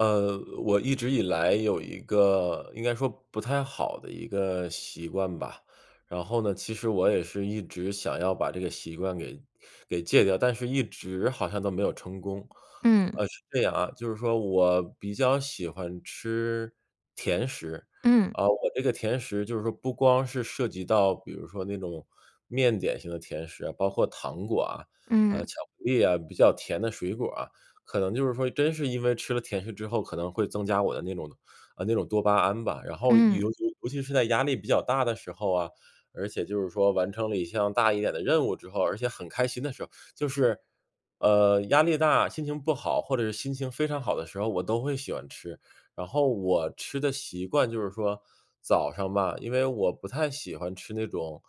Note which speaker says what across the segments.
Speaker 1: 呃，我一直以来有一个应该说不太好的一个习惯吧，然后呢，其实我也是一直想要把这个习惯给给戒掉，但是一直好像都没有成功。
Speaker 2: 嗯。
Speaker 1: 呃，是这样啊，就是说我比较喜欢吃甜食，
Speaker 2: 嗯。
Speaker 1: 呃，我这个甜食就是说不光是涉及到比如说那种面点型的甜食啊，包括糖果啊，
Speaker 2: 嗯。
Speaker 1: 呃，巧克力啊，比较甜的水果啊。可能就是说真是因为吃了甜食之后可能会增加我的那种呃，那种多巴胺吧，然后尤
Speaker 2: 嗯。
Speaker 1: 尤尤其是在压力比较大的时候啊，而且就是说完成了一项大一点的任务之后，而且很开心的时候-就是，呃，压力大、心情不好、或者是心情非常好的时候-我都会喜欢吃。然后我吃的习惯就是说早上吧。因为我不太喜欢吃那种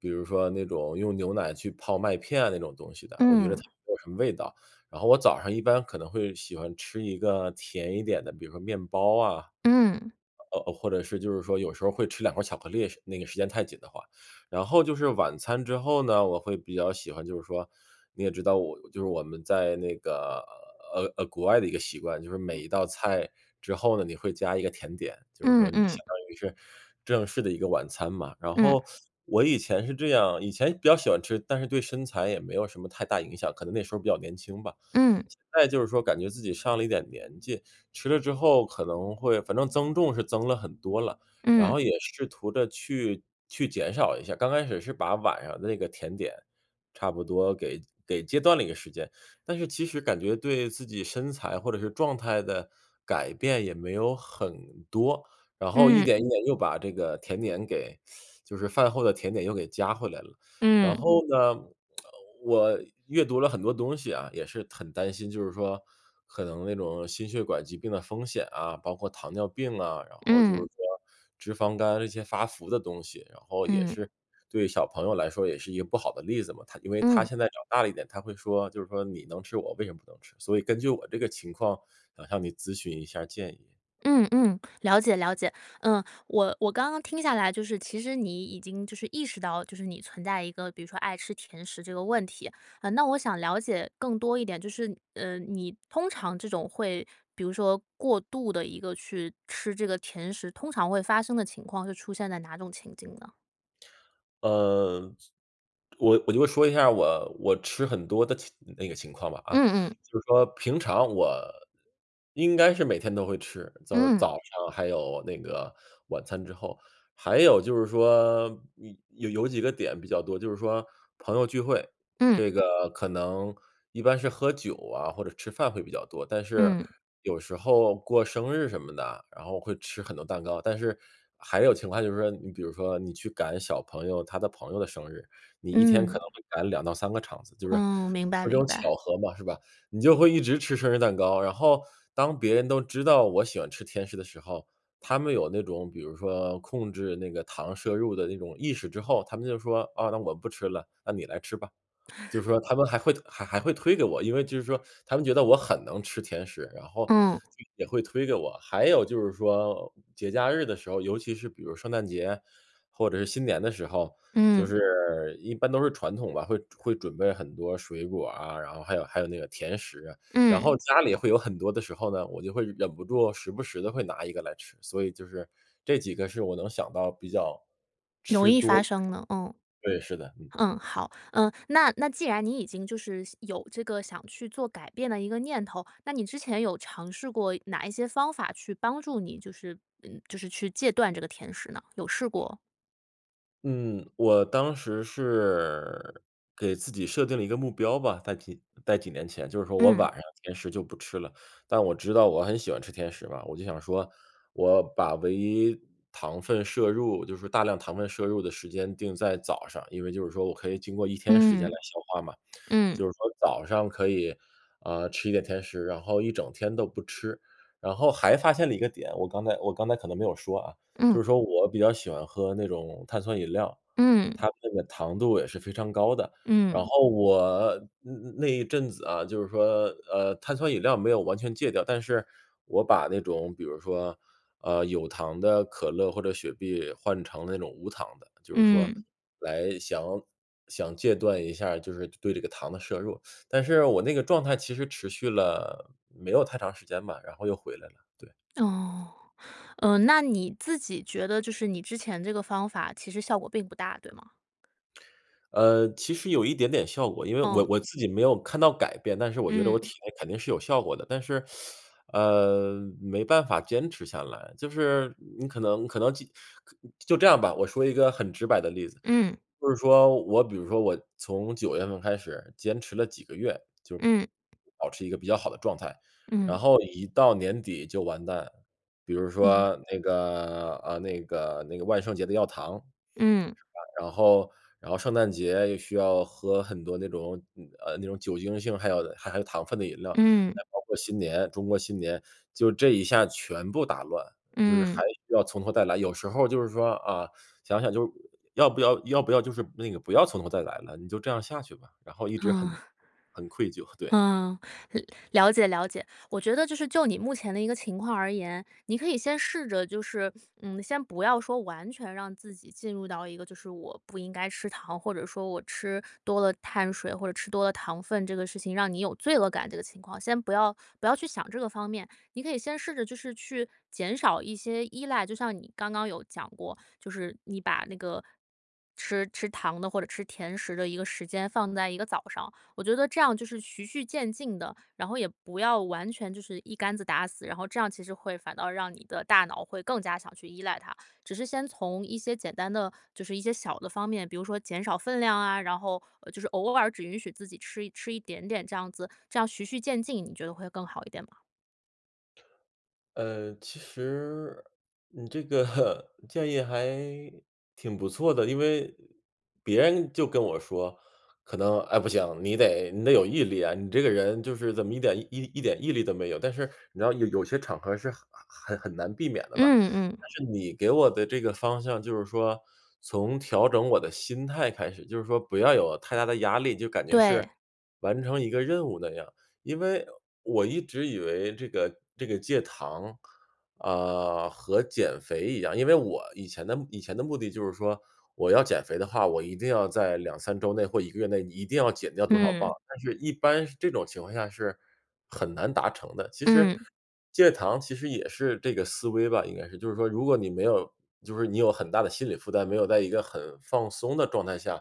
Speaker 1: 比如说那种用牛奶去泡麦片那种东西的，我觉得它
Speaker 2: 嗯。
Speaker 1: 没有什么味道。然后我早上一般可能会喜欢吃一个甜一点的，比如说面包啊，
Speaker 2: 嗯。
Speaker 1: 呃呃，或者是就是说有时候会吃两块儿巧克力时那个时间太紧的话。然后就是晚餐之后呢，我会比较喜欢就是说，你也知道我就是我们在那个，呃呃，国外的一个习惯，就是每
Speaker 2: 嗯。
Speaker 1: 一道菜之后呢，你会加一个甜点，就是
Speaker 2: 嗯
Speaker 1: 说你
Speaker 2: 嗯。
Speaker 1: 相当于是正式的一个晚餐嘛。然
Speaker 2: 嗯。
Speaker 1: 后 我以前是这样，以前比较喜欢吃，但是对身材也没有什么太大影响，可能那时候比较年轻吧。
Speaker 2: 嗯。
Speaker 1: 现在就是说感觉自己上了一点年纪，吃了之后可能会反正增重是增了很多了，然
Speaker 2: 嗯。
Speaker 1: 后也试图地去去减少一下。刚开始是把晚上的那个甜点，差不多给给戒断了一段时间，但是其实感觉对自己身材，或者是状态的改变也没有很多。然后一
Speaker 2: 嗯。
Speaker 1: 点一点又把这个甜点给 就是饭后的甜点又给加回来了。然
Speaker 2: 嗯。
Speaker 1: 后呢，我阅读了很多东西啊，也是很担心，就是说可能那种心血管疾病的风险啊，包括糖尿病啊，然后就是
Speaker 2: 嗯。
Speaker 1: 说脂肪肝这些发福的东西，然后也
Speaker 2: 嗯。
Speaker 1: 是对小朋友来说也是一个不好的例子嘛。他因为他
Speaker 2: 嗯。
Speaker 1: 现在长大了一点，他会说就是说“你能吃我为什么不能吃”，所以根据我这个情况想向你咨询一下儿建议。
Speaker 2: 嗯嗯，了解了解。嗯，我我刚刚听下来就是其实你已经，就是意识到，就是你存在一个比如说爱吃甜食这个问题。嗯，那我想了解更多一点，就是，呃，你通常这种会比如说过度地一个去吃这个甜食，通常会发生的情况是出现在哪种情景呢？
Speaker 1: 呃，我我就会说一下我我吃很多的情那个情况吧啊。
Speaker 2: 嗯嗯。
Speaker 1: 就是说平常我应该是每天都会吃就是
Speaker 2: 嗯。
Speaker 1: 早上还有那个晚餐之后。还有就是说嗯，有有几个点比较多，就是说朋友聚会，
Speaker 2: 嗯。
Speaker 1: 这个可能一般是喝酒啊，或者吃饭会比较多。但是
Speaker 2: 嗯。
Speaker 1: 有时候过生日什么的，然后会吃很多蛋糕，但是还有情况下就是说你比如说你去赶小朋友他的朋友的生日，你一天可
Speaker 2: 嗯。
Speaker 1: 能会赶2到3个场子。就是
Speaker 2: 嗯，明白
Speaker 1: 就这
Speaker 2: 明
Speaker 1: 种巧
Speaker 2: 白。
Speaker 1: 合嘛，是吧。你就会一直吃生日蛋糕，然后当别人都知道我喜欢吃甜食的时候，他们有那种比如说控制那个糖摄入的那种意识之后，他们就说“啊，那我不吃了，那你来吃吧。”就是说他们还会还还会推给我，因为就是说他们觉得我很能吃甜食，然后
Speaker 2: 嗯。
Speaker 1: 也会推给我。还有就是说节假日的时候，尤其是比如圣诞节或者是新年的时候，就
Speaker 2: 嗯。
Speaker 1: 是，一般都是传统吧，会会准备很多水果啊，然后还有还有那个甜食。然
Speaker 2: 嗯。
Speaker 1: 后家里会有很多的时候呢，我就会忍不住时不时的会拿1个来吃，所以就是这几个是我能想到比较
Speaker 2: 容
Speaker 1: 吃
Speaker 2: 易
Speaker 1: 多
Speaker 2: 发生了。嗯。
Speaker 1: 对，是的。嗯。
Speaker 2: 嗯，好。嗯，那那既然你已经就是有这个想去做改变的一个念头，那你之前有尝试过哪一些方法去帮助你，就是，嗯就是去戒断这个甜食呢？有试过
Speaker 1: 嗯，我当时是，给自己设定了一个目标吧，在几在几年前，就是说我
Speaker 2: 嗯。
Speaker 1: 晚上甜食就不吃了。但我知道我很喜欢吃甜食嘛，我就想说，我把唯一糖分摄入，就是大量糖分摄入的时间定在早上。因为就是说我可以经过一天时间
Speaker 2: 嗯，
Speaker 1: 来消化嘛。
Speaker 2: 嗯。
Speaker 1: 就是说早上可以，啊，吃一点甜食，然后一整天都不吃。然后还发现了一个点，我刚才我刚才可能没有说啊，就
Speaker 2: 嗯。
Speaker 1: 是说我比较喜欢喝那种碳酸饮料，
Speaker 2: 嗯。
Speaker 1: 它那个糖度也是非常高的，然
Speaker 2: 嗯。
Speaker 1: 后我那那一阵子啊，就是说，呃，碳酸饮料没有完全戒掉，但是我把那种比如说，呃，有糖的可乐或者雪碧，换成那种无糖的，就是说，
Speaker 2: 嗯。
Speaker 1: 来想想戒断一下就是对这个糖的摄入，但是我那个状态其实持续了，没有太长时间吧，然后又回来了，对。
Speaker 2: 哦，呃，那你自己觉得就是你之前这个方法，其实效果并不大，对吗？
Speaker 1: 呃，其实有一点点效果，因为我
Speaker 2: 哦。
Speaker 1: 我自己没有看到改变，但是我觉得我
Speaker 2: 嗯。
Speaker 1: 体内肯定是有效果的，但是，呃，没办法坚持下来。就是你可能可能既可就这样吧，我说一个很直白的例子。
Speaker 2: 嗯。
Speaker 1: 就是说，我比如说我从九月份开始，坚持了几个月，就，
Speaker 2: 嗯。
Speaker 1: 保持一个比较好的状态，然
Speaker 2: 嗯。
Speaker 1: 后一到年底就完蛋。比如
Speaker 2: 嗯。
Speaker 1: 说那个呃，那个那个万圣节的要糖，是
Speaker 2: 嗯。
Speaker 1: 吧。然后然后圣诞节又需要喝很多那种嗯，呃，那种酒精性、含有的含有糖分的饮料，
Speaker 2: 嗯。
Speaker 1: 再包括新年中国新年，就这一下全部打乱，就是还
Speaker 2: 嗯。
Speaker 1: 需要从头再来。有时候就是说，啊，想想就是要不要要不要就是那个不要从头再来了，你就这样下去吧，然后一直很
Speaker 2: 啊。
Speaker 1: 很愧疚，对。
Speaker 2: 啊，了了解了解，我觉得就是，就你目前的一个情况而言，你可以先试着就是，嗯，先不要说完全让自己进入到一个，就是我不应该吃糖，或者说我吃多了碳水，或者吃多了糖分，这个事情让你有罪恶感这个情况，先不要不要去想这个方面。你可以先试着就是去减少一些依赖，就像你刚刚有讲过，就是你把那个，吃吃糖的或者吃甜食的一个时间，放在一个早上。我觉得这样就是循序渐进的，然后也不要完全就是一竿子打死，然后这样其实会反倒让你的大脑会更加想去依赖它。只是先从一些简单的，就是一些小的方面，比如说减少分量啊，然后，呃，就是偶尔只允许自己吃吃一点点这样子，这样循序渐进，你觉得会更好一点吗？
Speaker 1: 呃，其实你这个 建议还挺不错的，因为别人就跟我说，可能“哎，不行，你得你得有毅力啊，你这个人，就是怎么一点一一点毅力都没有。”但是你知道有有些场合是很很很难避免的嘛。
Speaker 2: 嗯嗯。
Speaker 1: 但是你给我的这个方向，就是说，从调整我的心态开始，就是说不要有太大的压力，就感觉
Speaker 2: 对。
Speaker 1: 是完成一个任务那样，因为我一直以为这个这个戒糖，啊，和减肥一样，因为我以前的以前的目的就是说，我要减肥的话，我一定要在2-3周内，或1个月内一定要减掉多少磅。
Speaker 2: 嗯。
Speaker 1: 但是一般是这种情况下是很难达成的。其实，
Speaker 2: 嗯。
Speaker 1: 戒糖其实也是这个思维吧，应该是，就是说如果你没有就是说你有很大的心理负担，没有在一个很放松的状态下，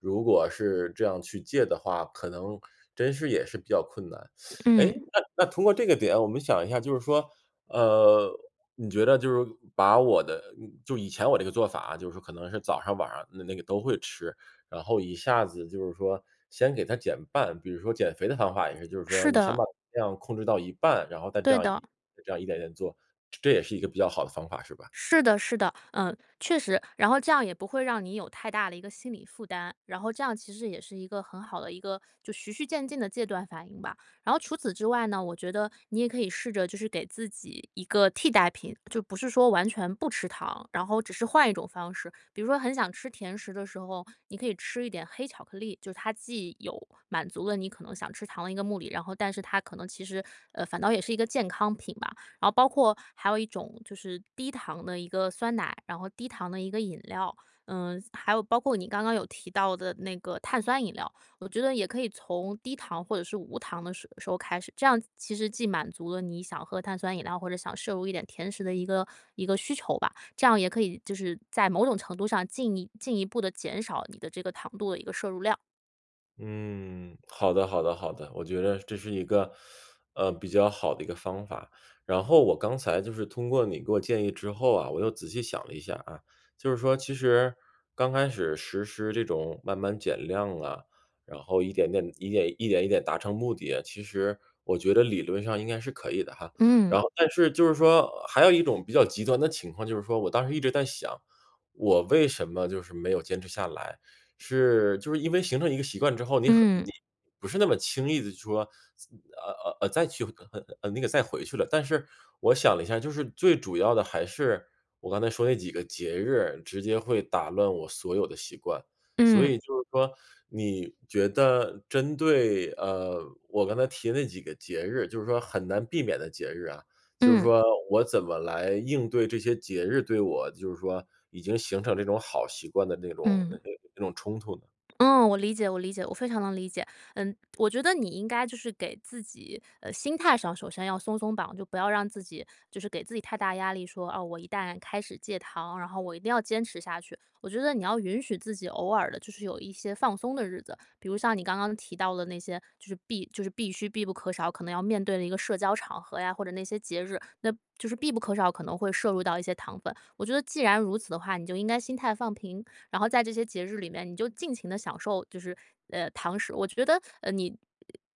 Speaker 1: 如果是这样去戒的话，可能真是也是比较困难。诶，
Speaker 2: 嗯。
Speaker 1: 那那通过这个点我们想一下，就是说，呃，你觉得就是把我的就以前我这个做法啊，就是可能是早上、晚上的那-那个都会吃，然后一下子就是说先给它减半。比如说减肥的方法也是，就是说
Speaker 2: 是
Speaker 1: 你先
Speaker 2: 的。
Speaker 1: 把量控制到一半，然后再这
Speaker 2: 对
Speaker 1: 样
Speaker 2: 的。
Speaker 1: 一这样一点点做，这这也是一个比较好的方法是吧？
Speaker 2: 是的是的，嗯，确实，然后这样也不会让你有太大的一个心理负担，然后这样其实也是一个很好的一个就循序渐进的戒断反应吧。然后除此之外呢，我觉得你也可以试着就是给自己一个替代品，就不是说完全不吃糖，然后只是换一种方式，比如说很想吃甜食的时候，你可以吃一点黑巧克力，就是它既有满足了你可能想吃糖的一个目的，然后但是它可能其实呃，反倒也是一个健康品吧。然后包括还有一种，就是低糖的一个酸奶，然后低糖的一个饮料，嗯，还有包括你刚刚有提到的那个碳酸饮料。我觉得也可以从低糖，或者是无糖的时时候开始，这样其实既满足了你想喝碳酸饮料，或者想摄入一点甜食的一个一个需求吧，这样也可以就是在某种程度上，进一进一步地减少你的这个糖度的一个摄入量。
Speaker 1: 嗯，好的好的好的，我觉得这是一个，呃，比较好的一个方法。然后我刚才就是通过你给我建议之后啊，我又仔细想了一下啊。就是说其实，刚开始实施这种慢慢减量啊，然后一点点一点，一点达成目的啊，其实我觉得理论上应该是可以的哈。
Speaker 2: 嗯。
Speaker 1: 然后但是就是说还有一种比较极端的情况，就是说我当时一直在想，我为什么就是没有坚持下来，是就是因为形成一个习惯之后，你很
Speaker 2: 嗯。
Speaker 1: 你不是那么轻易地说，再呃呃呃，再去，呃，呃那个再回去了。但是，我想了一下，就是最主要的还是我刚才说那几个节日直接会打乱我所有的习惯。所
Speaker 2: 嗯。
Speaker 1: 以就是说你觉得针对，呃，我刚才提的那几个节日就是说很难避免的节日啊，就是
Speaker 2: 嗯。
Speaker 1: 说我怎么来应对这些节日对我就是说已经形成这种好习惯的那种
Speaker 2: 嗯。
Speaker 1: 那种冲突呢？
Speaker 2: 嗯，我理解我理解，我非常能理解。嗯，我觉得你应该就是给自己，呃，心态上首先要松松绑，就不要让自己就是给自己太大压力说“哦，我一旦开始戒糖，然后我一定要坚持下去”。我觉得你要允许自己偶尔地就是有一些放松的日子。比如像你刚刚提到的那些，就是必就是必须、必不可少可能要面对的一个社交场合呀，或者那些节日。那，就是必不可少可能会摄入到一些糖分。我觉得既然如此的话，你就应该心态放平，然后在这些节日里面，你就尽情地享受。就是，呃，糖食。我觉得，呃，你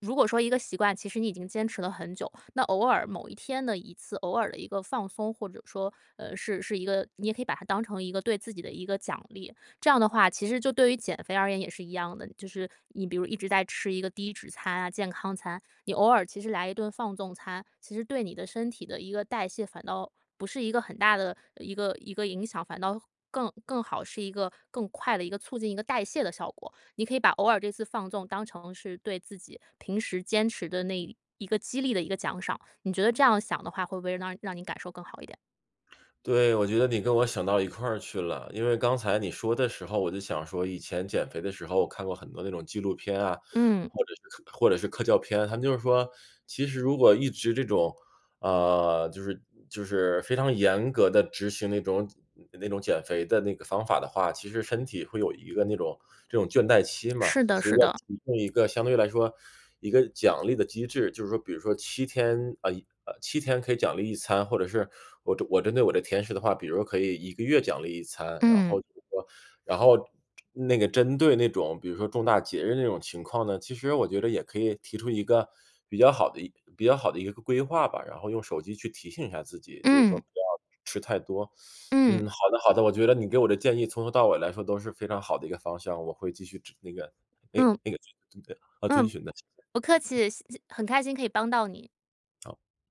Speaker 2: 如果说一个习惯，其实你已经坚持了很久，那偶尔某一天的一次，偶尔的一个放松，或者说，呃，是是一个你也可以把它当成一个对自己的一个奖励，这样的话其实就对于减肥而言也是一样的。就是你比如一直在吃一个低脂餐啊、健康餐，你偶尔其实来一顿放纵餐，其实对你的身体的一个代谢，反倒不是一个很大的一个一个影响，反倒更更好。是一个更快的一个促进一个代谢的效果。你可以把偶尔这次放纵当成是对自己，平时坚持的那一个激励的一个奖赏。你觉得这样想的话，会不会让让你感受更好一点？
Speaker 1: 对，我觉得你跟我想到一块去了。因为刚才你说的时候我就想说以前减肥的时候我看过很多那种纪录片啊，
Speaker 2: 嗯。
Speaker 1: 或者是或者是科教片，它们就是说，其实如果一直这种，呃，就是就是非常严格地执行那种那种减肥的那个方法的话，其实身体会有一个那种那种倦怠期嘛。
Speaker 2: 是的
Speaker 1: 所以
Speaker 2: 是
Speaker 1: 要
Speaker 2: 的。
Speaker 1: 提供一个相对来说，一个奖励的机制。就是说比如说7天，呃呃，7天可以奖励1餐。或者是我我针对我的甜食的话，比如可以1个月奖励1餐。然后
Speaker 2: 嗯。
Speaker 1: 就是说然后那个针对那种比如说重大节日那种情况呢，其实我觉得也可以提出一个比较好的比较好的一个规划吧，然后用手机去提醒一下自己。就是说
Speaker 2: 嗯。
Speaker 1: 不要吃太多。嗯，
Speaker 2: 嗯。
Speaker 1: 好的好的，我觉得你给我的建议从头到尾来说都是非常好的一个方向，我会继续指那个那个
Speaker 2: 嗯。
Speaker 1: 那个，呃，遵
Speaker 2: 嗯，
Speaker 1: 循的。
Speaker 2: 不客气，谢很开心可以帮到你。
Speaker 1: 好。